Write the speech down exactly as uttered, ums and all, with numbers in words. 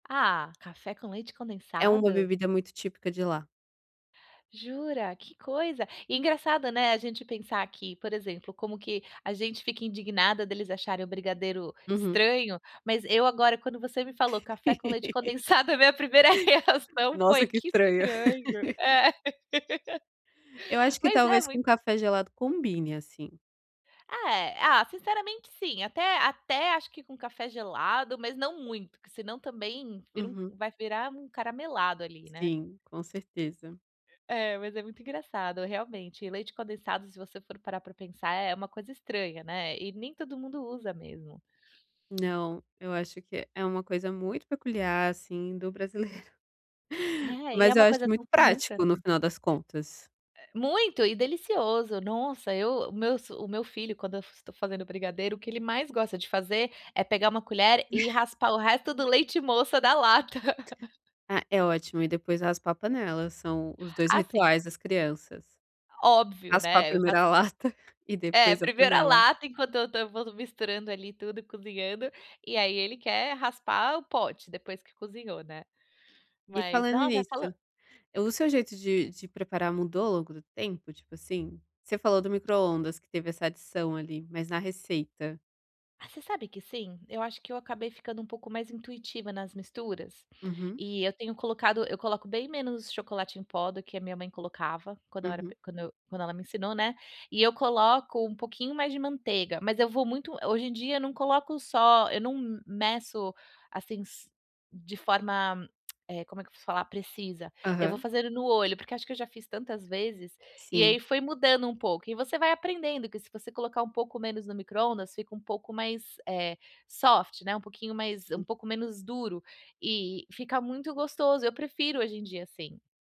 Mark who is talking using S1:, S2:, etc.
S1: Ah, café com leite
S2: É uma
S1: condensado?
S2: bebida muito típica de lá.
S1: Jura, que coisa e engraçado, né, a gente pensar que, por exemplo, como que a gente fica indignada deles acharem o brigadeiro
S2: Uhum.
S1: estranho, mas eu agora quando você me falou: "Café com leite condensado", a minha primeira reação foi:
S2: Nossa, que
S1: "Que
S2: estranho.
S1: estranho". É.
S2: Eu acho que
S1: Mas é
S2: talvez com
S1: muito
S2: café gelado combine, assim.
S1: Ah, eh, ah, sinceramente sim. Até até acho que com café gelado, mas não muito, porque senão também vira um
S2: Uhum.
S1: vai virar um caramelado ali, né?
S2: Sim, com certeza.
S1: É, mas é muito engraçado realmente, e leite condensado se você for parar pra pensar, é uma coisa estranha, né, e nem todo mundo usa mesmo.
S2: Não, eu acho que é é uma coisa muito peculiar assim do brasileiro.
S1: É, e é
S2: Mas eu
S1: uma
S2: acho
S1: coisa
S2: muito
S1: tão comum pra
S2: prático no
S1: mim.
S2: final das contas.
S1: Eh. Muito e delicioso. Nossa, eu o meu o meu filho quando eu estou fazendo brigadeiro, o que ele mais gosta de fazer, é pegar uma colher e raspar o resto do leite moça da lata.
S2: Ah, é ótimo e depois raspar a panela, são os dois
S1: Ah, sim.
S2: rituais das crianças.
S1: Óbvio,
S2: Raspar
S1: né, eu já
S2: primeiro
S1: f
S2: a lata, e
S1: É,
S2: depois a
S1: primeiro a
S2: panela.
S1: lata enquanto eu tava misturando, ali tudo e cozinhando, e aí ele quer raspar o pote depois que cozinhou, né.
S2: E
S1: Mas
S2: falando
S1: nossa
S2: nisso,
S1: falan
S2: eh, o seu jeito de de preparar mudou ao longo do tempo, tipo assim? Você falou do microondas que teve essa adição ali, mas na receita?
S1: Você sabe que sim? Eu acho que eu acabei ficando um pouco mais intuitiva nas misturas.
S2: Uhum.
S1: E eu tenho colocado eu coloco bem menos chocolate em pó do que a minha mãe colocava, quando eu era
S2: Uhum.
S1: pe quando eu quando ela me ensinou, né. E eu coloco um pouquinho mais de manteiga, mas eu vou muito hoje em dia eu não coloco só eu não meço, assim s de forma, como é que vou falar? Precisa. Eu vou
S2: Aham.
S1: fazendo no olho, porque acho que eu já fiz tantas vezes. E aí
S2: Sim.
S1: foi mudando um pouco, e você vai aprendendo que se você colocar um pouco menos no microondas fica um pouco mais, eh, soft, né, um pouquinho mais um
S2: Sim.
S1: pouco menos duro, e fica muito gostoso. Eu prefiro hoje em dia assim.